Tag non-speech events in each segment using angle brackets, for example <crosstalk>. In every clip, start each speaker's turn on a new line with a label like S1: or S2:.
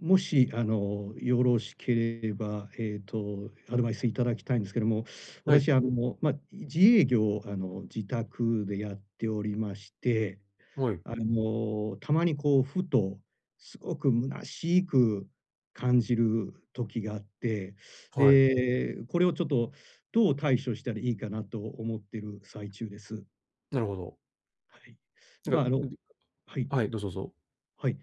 S1: ん、もしあのよろしければ、えっと、アドバイスいただきたいんですけども、
S2: はい。
S1: 私、あのま、自営業、あの、自宅でやっておりまして、
S2: はい。
S1: あの、たまにこう、ふとすごく虚しく感じる時があって、
S2: はい。
S1: で、これをちょっとどう対処したらいいかなと思ってる最中です。
S2: なるほど。
S1: はい。
S2: なん
S1: ま
S2: か、
S1: あ
S2: う、
S1: の
S2: うん。
S1: はい、
S2: はい、どうぞどうぞ。
S1: はい。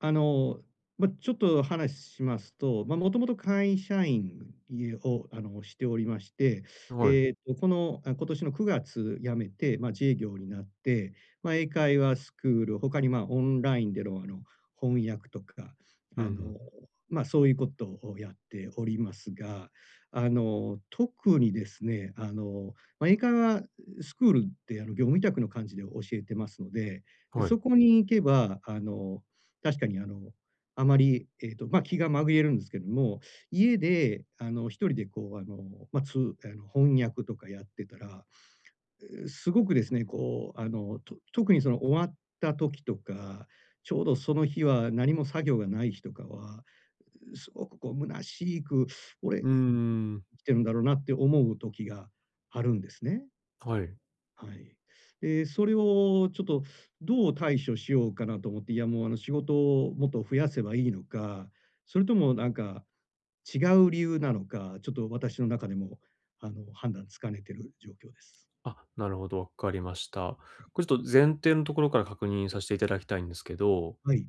S1: あの、ま、ちょっと話、しますと、ま、もともと会社員、い、を、しておりまして、
S2: はい。
S1: えっとこの、今年の9月辞めて、ま、自営業になって、ま、英会話スクール、他にま、オンラインでのあの、翻訳とか、<sniffs>
S2: うん
S1: あの
S2: ふん。
S1: ま、そういうことをやっておりますが、あの、特にですね、あのま、英会話スクールって、あの、業務委託の感じで教えてますので、
S2: はい。
S1: そこに行けばあの、<sniffs> 確かにあの、あまり、えっとま、気が紛れるんですけども、家であの、1人でこうあの、ま、つうあの、翻訳とかやってたら、<sniffs> う、すごくですね、こうあの、と特にその、終わった時とか、ちょうどその日は何も作業がない日とかは、う、「すごくこう虚しく、俺、
S2: うー
S1: 生
S2: ん。
S1: きてるんだろうな」って思う時があるんですね。
S2: はい。
S1: はい。ええ、それをちょっとどう対処しようかなと思って、いや、もう、あの仕事をもっと増やせばいいのか、それともなんか違う理由なのか、ちょっと私の中でも、あの、判断つきかねている状況です。
S2: あ、なるほど、わかりました。
S1: はい。
S2: これちょと前提のところから確認さしていただきたいんですけど、
S1: はい。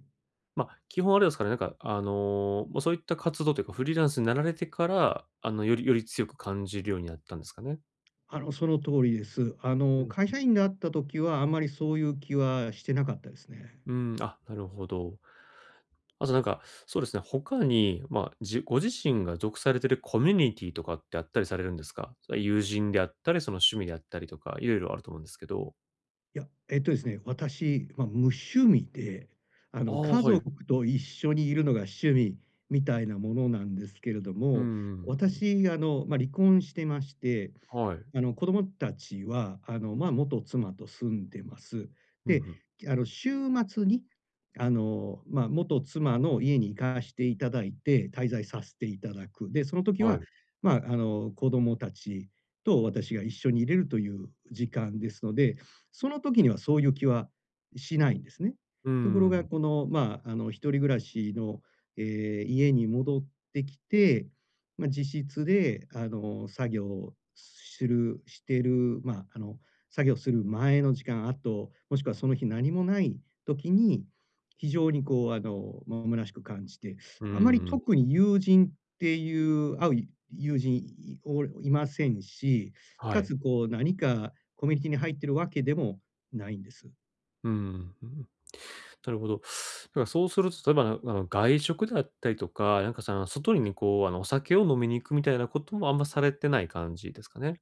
S2: ま、基本あれですかね、なんかあの、ま、そういった活動というかフリーランスになられてから、あのよりより強く感じるようになったんですかね？
S1: あの、その通りです。あ
S2: う
S1: の
S2: ん
S1: 会
S2: うん。
S1: 社員であった時はあまりそういう気はしてなかったですね。
S2: うーん、あ、なるほど。あとなんか、そうですね、他にま、あ、じご自身が属されているコミュニティとかってあったりされるんですか？それは友人であったり、その趣味であったりとか、色々あると思うんですけど。
S1: や、えっとですね、私、ま、無趣味で、あ
S2: あ
S1: の、
S2: あ、
S1: 家
S2: はい。
S1: 族と一緒にいるのが趣味みたいなものなんですけれど
S2: うーん、う
S1: も、
S2: んうんうん。
S1: 私、あの、ま、離婚してまして、
S2: はい。
S1: あの、子供たちは、あの、ま、元妻と住んでます。
S2: ふん
S1: で、
S2: ふん。
S1: あの週末に、あの、まあ、元妻の家に行かしていただいて、滞在さしていただく。で、その時
S2: はい。
S1: は、ま、あの、子供たちと私が一緒にいれるという時間ですので、その時にはそういう気はしないんですね。
S2: う
S1: とこ
S2: ー
S1: ろが、
S2: ん。
S1: このまあの、一人暮らしの、ええ、家に戻ってきて、ま、自室で、あの、作業しするしてる、ま、あの作業する前の時間、あと、もしくはその日何もない時に、非常にこう、あの、虚しく感じて、
S2: うー
S1: あまり、
S2: ん。
S1: 特に友人っていう会う友人いをいませんし、
S2: は
S1: 且
S2: い。
S1: つこう何かコミュニティに入ってるわけでもないんです。
S2: うん、ふ、なるほど。たら、そうすると例えば、なあの外食だったりとか、なんかさの、外りにこう、あの、お酒を飲みに行くみたいなこともあんまされてない感じですかね？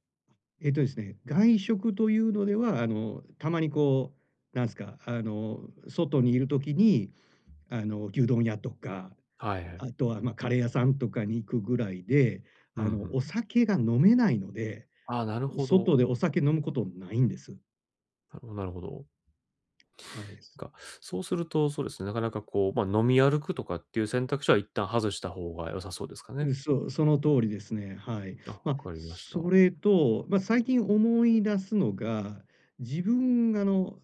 S1: えっと、ですね、外食というのでは、あの、たまにこう、なんすか、あの、外にいる時に、あの、牛丼屋とか、
S2: はい、
S1: あ
S2: へ。
S1: とは、ま、カレー屋さんとかに行くぐらいで、
S2: うんう
S1: あ
S2: ん、
S1: の、お
S2: ん。
S1: 酒が飲めないので、
S2: ああ、なる
S1: う
S2: ほど。
S1: 外でお酒飲むことないんです。
S2: なるほどなるほど。
S1: はい、す
S2: が、そうするとそうですね、なかなかこう、ま、飲み歩くとかっていう選択肢は一旦外した方が良さそうですかね？
S1: う、そう、その通りですね。はい。
S2: あ、わ
S1: ま、
S2: かりました。
S1: それと、ま、最近思い出すのが、自分が、あの、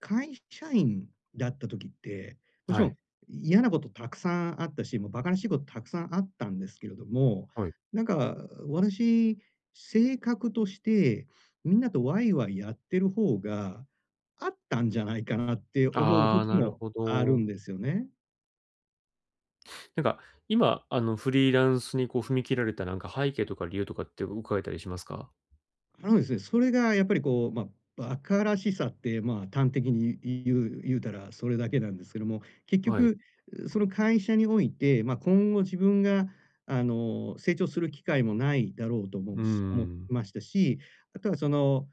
S1: 会社員だった時って、もち
S2: は
S1: ろ
S2: い。
S1: ん嫌なことたくさんあったし、もう馬鹿らしいことたくさんあったんですけれども、
S2: はい。
S1: なんか、私、性格として、みんなとワイワイやってる方が合ったんじゃないかなって思う
S2: ああ、
S1: 時
S2: なる
S1: も、
S2: ほ
S1: あるん
S2: ど。
S1: ですよね。
S2: なんか今、あの、フリーランスにこう踏み切られた、なんか背景とか理由とかってお伺えたりしますか？
S1: あのですね。それがやっぱりこう、まあ、馬鹿らしさって、まあ、端的に、い言う言うたら、それだけなんですけども。結
S2: はい。
S1: 局その、会社において、まあ、今後自分があの、成長する機会もないだろうと思
S2: うん
S1: うし
S2: う
S1: 思い
S2: ん。
S1: ましたし、あとはその、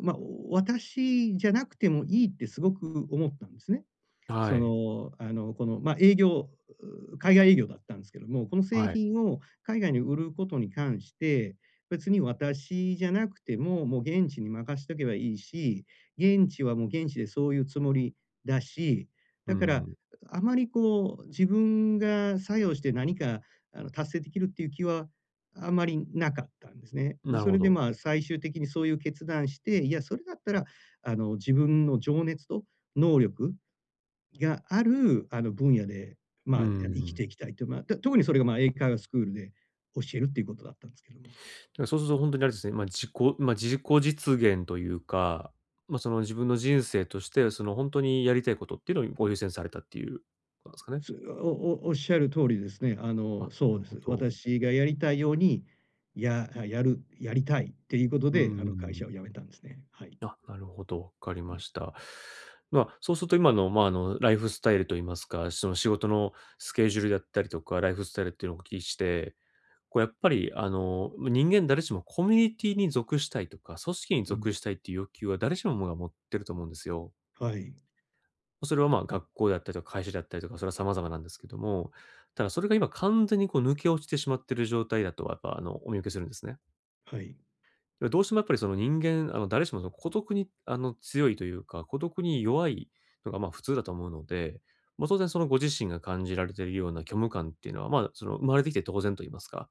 S1: まあ、お私じゃなくてもいいってすごく思ったんですね。
S2: は
S1: そ
S2: い。
S1: の、あの、この、まあ、営業、うう、海外営業だったんですけども。この、製
S2: はい。
S1: 品を海外に売ることに関して別に私じゃなくても、もう、現地に任しとけばいいし、現地はもう現地でそういうつもりだし、
S2: うん
S1: だ
S2: う
S1: から
S2: ん。
S1: あまり、こう、自分が作用して何かあの、達成できるっていう気はあまりなかったんですね。で、
S2: なる
S1: それ
S2: ほ
S1: で
S2: ど。
S1: まあ、最終的にそういう決断して、いや、それだったら、あの、自分の情熱と能力がある、あの、分野でまあ、
S2: う
S1: あの、
S2: んふ
S1: 生きて
S2: ん。
S1: いきたいと、まあ、と特にそれがまあ、英会話スクールで教えるっていうことだったんですけども。
S2: だから、そうすると、ほんとにあれですね。まあ、自己まあ、自己実現というか、まあ、その、自分の人生として、その、ほんとにやりたいことっていうのをこう、優先されたっていうなんすかね。
S1: すおお仰る通りですね。あ
S2: あ
S1: の、そ
S2: る
S1: うで
S2: ほ
S1: す。
S2: ど。
S1: 私がやりたいように、やあ、やるやりたいっていうこと
S2: う
S1: で、
S2: んう
S1: あの、会
S2: んう。
S1: 社を辞めたんですね。はい。
S2: あ、なるほど、わかり
S1: う
S2: ま
S1: ん。
S2: した。まあ、そうすると、今のまあ、あの、ライフスタイルと言いますか、その、仕事のスケジュールだったりとかライフスタイルっていうのをお聞きして、こう、やっぱり、あの、ま、人間誰しもコミュニティに属したいとか組織に
S1: うん。
S2: 属したいっていう欲求は、誰しももが持ってると思うんですよ。
S1: はい。
S2: ま、それはまあ、学校であったりとか会社であったりとか、それは様々なんですけども。ただそれが今、完全にこう抜け落ちてしまってる状態だと、やっぱあの、お見受けするんですね。
S1: はい。
S2: だから、どうしても、やっぱりその、人間、あの、誰しもその、孤独にあの、強いというか、孤独に弱いのがまあ普通だと思うので。まあ、当然その、ご自身が感じられてるような虚無感っていうのは、まあ、その、生まれてきて当然と言いますか。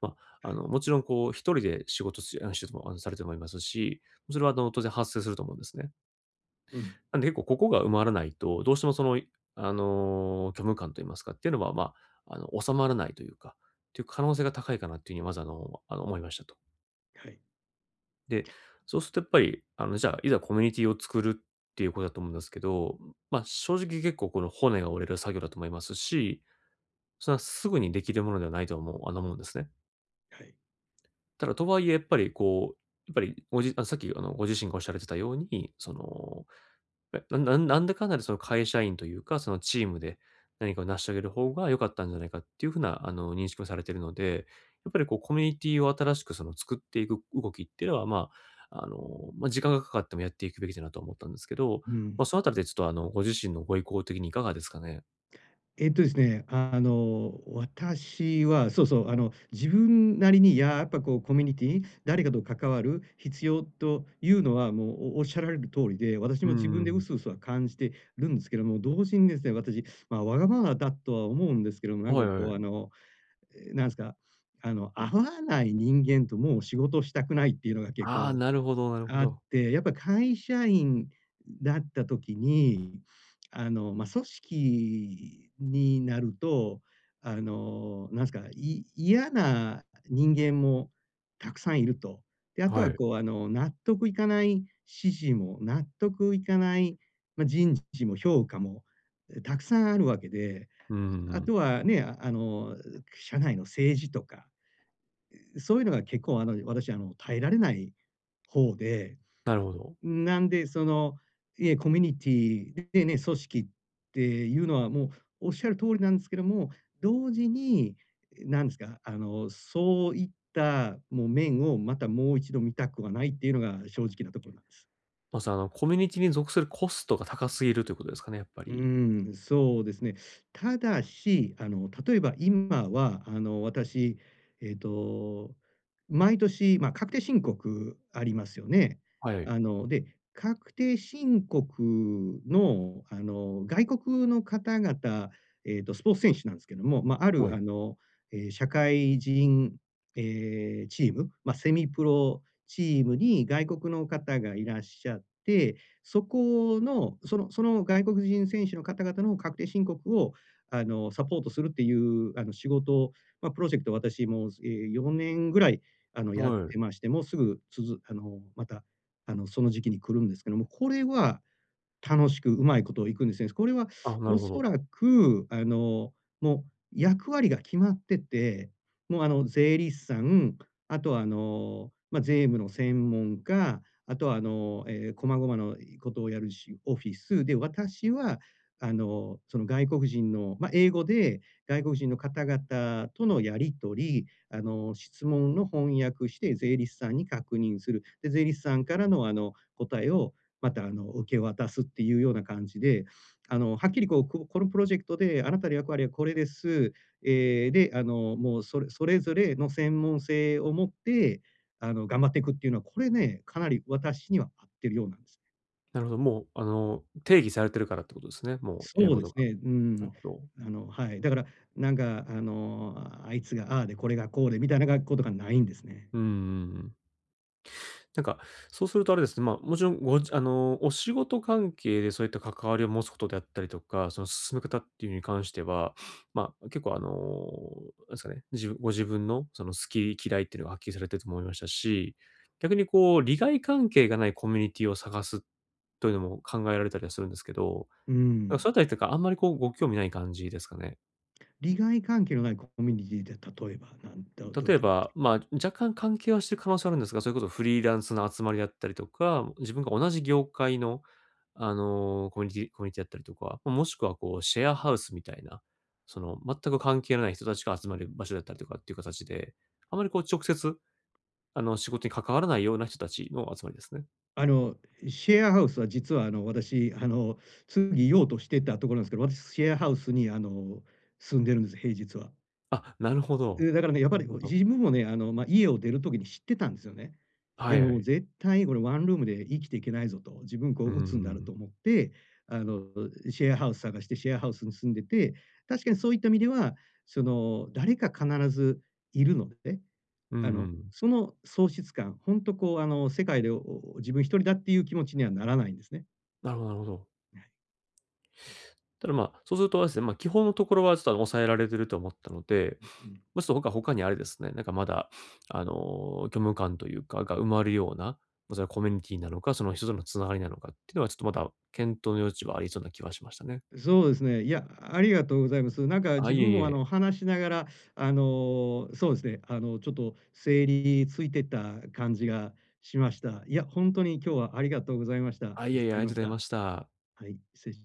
S2: まあ、あ
S1: はい。
S2: の、もちろんこう、1人で仕事しうん、してるのあの、されてもいますし。それはあの、当然発生すると思うんですね。
S1: うん。
S2: なんで、1個ここが埋まらないとどうしてもその、いあの、虚無感と言いますかっていうのは、まあ、あの、収まらないというかっていう可能性が高いかなっていう風に、まず、あのあの、思いました、と。
S1: はい。
S2: で、そうするとやっぱり、あの、じゃあ、いざコミュニティを作るっていうことだと思うんですけど、ま、正直結構この骨が折れる作業だと思いますし、それはすぐにできるものではないと思うあの思うんですね。
S1: はい。
S2: ただとはいえ、やっぱりこう、やっぱりごじあさっきあのご自身がおっしゃられてたように、その、ななんなん、なんだかんだでその会社員というか、そのチームで、何かを成し上げる方が良かったんじゃないかっていう風な、あの、認識をされているので、やっぱりこうコミュニティを新しくその作っていく動きっていうのはまあ、あの、ま、時間がかかってもやっていくべきじゃなとは思ったんですけど、
S1: う
S2: ま、
S1: ん。
S2: そのあたりでちょっと、あの、ご自身のご意向的にいかがですかね。
S1: えっとですね、あの、私は、そうそう、あの、自分なりに、ややっぱこうコミュニティ、誰かと関わる必要というのは、もう、おおっしゃられる通りで、私
S2: うん
S1: も自
S2: う
S1: 分で
S2: んうん。
S1: 薄々は感じてるんですけども、同時にですね、私、ま、わがままだとは思うんですけども、な
S2: あ、
S1: ん
S2: は
S1: か
S2: いは
S1: こう、あ
S2: い。
S1: の、え、なんすか、あの、合わない人間ともう仕事したくないっていうのが結
S2: ああ、
S1: 構
S2: なるほどなるほ
S1: あっ
S2: ど。
S1: て、やっぱ会社員だった時に、あの、ま、組織になると、あの、なんすか、い嫌な、人間もたくさんいると。で、あと
S2: は
S1: は
S2: い。
S1: こう、あの、納得いかない指示も、納得いかない、ま、人事も評価もたくさんあるわけで、
S2: うー
S1: ああ
S2: ん。
S1: とは、ね、あの、う社内の政治とか、うそういうのが結構、あの、私、あの、耐えられない方で、
S2: なるほど。
S1: なんでその、えコミュニティでね、組織っていうのはもう、おっしゃる通りなんですけども、同時に、え、なんですか、あの、そういった、もう面をまたもう一度見たくはないっていうのが正直なところなんです。
S2: まず、あの、コミュニティに属するコストが高すぎるということですかね、やっぱ
S1: う
S2: り。
S1: ーん、そうですね。ただし、あの、例えば今は、あの、私、えっと、毎年、まあ、確定申告ありますよね。
S2: はい。
S1: あの、で、確定申告の、あの、外国の方々、えっと、スポーツ選手なんですけども、ま、あ
S2: は
S1: る、
S2: い。
S1: あの、ええ、社会人ええ、チーム、ま、セミプロチームに外国の方がいらっしゃって、そこの、そのその外国人選手の方々の確定申告を、あの、サポートするっていう、あの、仕事、ま、プロジェクトを私もう、え、4年ぐらいやっ
S2: は
S1: て
S2: い。
S1: まして、もうすぐつづあの、また、あの、その時期に来るんですけども、これは、楽しく、うまいことをいくんですよね。これは
S2: あ、な
S1: お
S2: るほ
S1: そ
S2: ど。
S1: らく、あの、もう役割が決まってて、もう、あの、税理士さん、あとは、あの、ま、税務の専門家、あとは、あの、ええ細々のことをやるしオフィスで私は、あの、その外国人の、ま、英語で、外国人の方々とのやり取り、あの、質問の翻訳して、税理士さんに確認する、で、税理士さんからの、あの、答えをまた、あの、受け渡すっていうような感じで、あの、はっきりこう、ここのプロジェクトで、あなたの役割はこれです。ええ、で、あの、もうそれそれぞれの専門性を持って、あの、頑張っていくっていうのは、これね、かなり私には合ってるようなんです。
S2: なるほど。もうあの、定義されてるからってことですね、もう、やる
S1: そう
S2: こ
S1: で
S2: と
S1: す
S2: が。
S1: ね。うー
S2: な
S1: ん。
S2: るほど。
S1: あのはい。だから、なんかあの、あいつがああでこれがこうでみたいな学校とかないんですね。
S2: うんうんうん。なんか、そうするとあれですね、まもちろんごじあの、お仕事関係でそういった関わりを持つことであったりとか、その進め方っていうのに関しては、まあ、結構あの、何すかね、じご自分のその好き嫌いってのがはっきりされてると思いましたし、逆にこう利害関係がないコミュニティを探すというのも考えられたりはするんですけど、
S1: うー
S2: なんか
S1: ん。
S2: そのあたりっていうかあんまりこうご興味ない感じですかね？
S1: 利害関係のない、こコミュニティーって例えばなんだどういっ
S2: 例え
S1: た目的
S2: ばまあ、若干関係はしてる可能性はあるんですが、それこそフリーランスの集まりだったりとか、自分が同じ業界の、あの、コミュニティーコミュニティーだったりとか、ま、もしくはこうシェアハウスみたいな、その、全く関係のない人たちが集まる場所だったりとかっていうかたちで、あまりこう直接、あの、仕事に関わらないような人たちの集まりですね。
S1: あの、シェアハウスは実はあの、私あの、次に言おうとしてたところなんすけど、私シェアハウスにあの、住んでるんです、平日は。
S2: あ、なるほど、
S1: う、だからね、やっぱ
S2: なる
S1: り、
S2: ほ
S1: う、
S2: ど。
S1: 自分もね、あの、ま、家を出る時に知ってたんですよね。い
S2: は
S1: や
S2: いは
S1: もう
S2: い。
S1: 絶対俺ワンルームで生きていけないぞと、自分、こ
S2: うー
S1: う、鬱んなると
S2: ん。
S1: 思って、あの、シェアハウス探して、シェアハウスに住んでて、確かにそういった意味では、その、誰か必ずいるのでね、
S2: うん
S1: あ
S2: う
S1: の、
S2: ん。
S1: その、喪失感、ほんとこう、あの、世界で、おお自分1人だっていう気持ちにはならないんですね。
S2: なるほどなるほど。
S1: ええ。
S2: ただまあ、そうするとあれですね、ま、基本のところはちょっとあの抑えられてると思ったので、
S1: う、う
S2: <sniffs>
S1: ん。
S2: ま、ちょっと僕は他にあれですね、なんかまだ <sniffs> あの、虚無感というかが埋まるような、ま、
S1: う
S2: それは
S1: ん。
S2: コミュニティーなのか、その、人との繋がりなのかってのはちょっとまだ検討の余地はありそうな気はしましたね。
S1: う、そうですね。いや、ありがとうございます。なんか
S2: あ、
S1: 自
S2: いえ
S1: 分
S2: い
S1: もあ
S2: え。
S1: の、話しながらあの、そうですね、あの、ちょっと整理ついてた感じがしました。いや、ほんとに今日はありがとうございました。
S2: あ、い
S1: 助
S2: えいえ、あ
S1: か
S2: り
S1: り
S2: が
S1: ま
S2: とうご
S1: し
S2: ざい
S1: た。
S2: ました。
S1: はい、しつれし